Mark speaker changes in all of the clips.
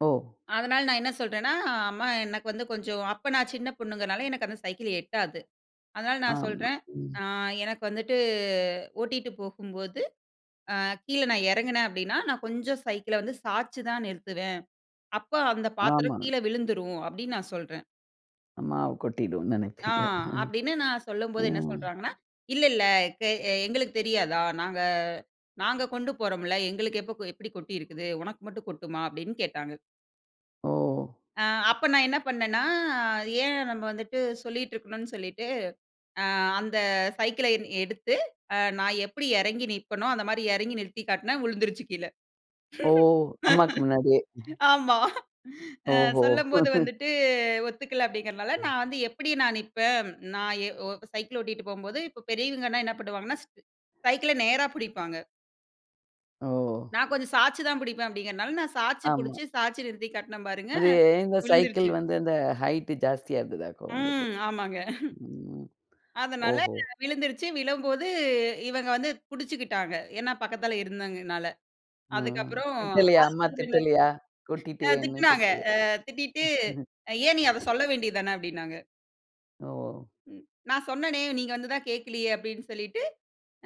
Speaker 1: ஓ!
Speaker 2: அதனால நான் என்ன சொல்றேன்னா, அ அம்மா எனக்கு வந்து கொஞ்சம் அப்ப நான் சின்னப் பொண்ணுங்கறதுனால. எனக்கு அந்தச் சைக்கிள் ஏட்டாது. அதனால நான்
Speaker 1: ஆமா,
Speaker 2: சொல்றேன்.
Speaker 1: ம்.
Speaker 2: "ஆ. எனக்கு வந்துட்டு ஓட்டிட்டு போகும்போது, அ கீழ நான் இறங்குனேன் அப்டின்னா நான் கொஞ்சம் சைக்கிள சாச்சி தான் நிறுத்துவேன். அப்ப அந்தப்
Speaker 1: ஆமா.
Speaker 2: பாத்திரம் கீழ விழுந்துரும்." அப்டின்னு நான் சொல்றன்.
Speaker 1: அ மாவு கொட்டிடும்னு
Speaker 2: ஆ.
Speaker 1: நெனச்சீங்க
Speaker 2: அப்டின்னு நான்
Speaker 1: அ, அ.
Speaker 2: சொல்லம்போது என்ன சொல்றாங்கன்னா. இல்ல, இல்ல க எங்களுக்குத் தெரியாதா, நாங்க நாங்க கொண்டு போறோம்ல. எங்களுக்கு எப்ப எப்டி கொட்டி இருக்குது. உனக்கு மட்டும் கொட்டுமா அப்டின்னு கேட்டாங்க.
Speaker 1: ஓ!
Speaker 2: அ. அப்ப நான் என்ன பண்ணேன்னா. ஏன் நம்ம வந்துட்டு சொல்லிட்டு இருக்கணும்னு சொல்லிட்டு, அ அந்தச் சைக்கிள எடுத்து அ நான் எப்டி இறங்கி நிப்பனோ அந்த மாரி இறங்கி நிறுத்தி காட்டுனா வறழுந்துருச்சு கீழ.
Speaker 1: ஓ! அம்மாக்கு முன்னாடியே.
Speaker 2: ஆமா. அ
Speaker 1: ஓஹோ.
Speaker 2: சொல்லும்போது வந்துட்டு ஒத்துக்கல. அப்டிங்குறனால
Speaker 1: ம்.
Speaker 2: நான் வந்து எப்டி நான் நிப்பன். நான் ஏ ஓ சைக்கிள் ஓட்டிட்டு போம்போது இப்ப பெரியவங்க என்ன பண்ணுவாங்க ஸ் சைக்கிள நேரா புடிப்பாங்க.
Speaker 1: ஓ!
Speaker 2: நான் கொஞ்சம் சாச்சி தான் புடிப்பன். அப்டிங்குறனால நான் சாச்சி
Speaker 1: ஆமா.
Speaker 2: புடிச்சு சாச்சி நிறுத்தி காட்டுன பாருங்க
Speaker 1: அது இந்த சைக்கிள்
Speaker 2: விழுந்துருச்சு.
Speaker 1: வந்து அந்த ஹைட் ஜாஸ்தியா இருந்ததாக்கும் உங்களுக்கு?
Speaker 2: ம். ஆமாங்க.
Speaker 1: ம்
Speaker 2: அதனால
Speaker 1: ஓஹோ!
Speaker 2: விழுந்துருச்சு. விழும்போது இவங்க வந்து புடிச்சுக்கிட்டாங்க. என்ன பக்கத்துல இருந்தாங்கறனால.
Speaker 1: ம்.
Speaker 2: அதுக்கப்புறம்
Speaker 1: திட்டலியா? அம்மா
Speaker 2: ஆஸ்பிட்டல்ல
Speaker 1: திட்டலியா,
Speaker 2: அ
Speaker 1: கொட்டிட்டியேன்னு
Speaker 2: திட்டுனாங்க.
Speaker 1: திட்டுல.
Speaker 2: அ திட்டிட்டு ஏன் நீ அத சொல்ல வேண்டியதுதானே அப்டின்னாங்க.
Speaker 1: ஓ!
Speaker 2: ம். நான் சொன்னேனே. நீங்க வந்து தான் கேக்கலையே அப்டின்னு சொல்லிட்டு.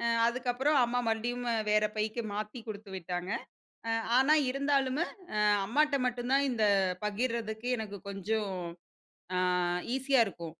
Speaker 2: அ அதுக்கப்புறம் அம்மா மறுபடியும் வேற பைக்கு மாத்தி குடுத்துவிட்டாங்க. ஆனா இருந்தாலுமே அ அம்மாட்ட மட்டும் தான் இந்தப் பகிர்றதுக்கு எனக்குக் கொஞ்சம் ஆ ஈசியா இருக்கும்.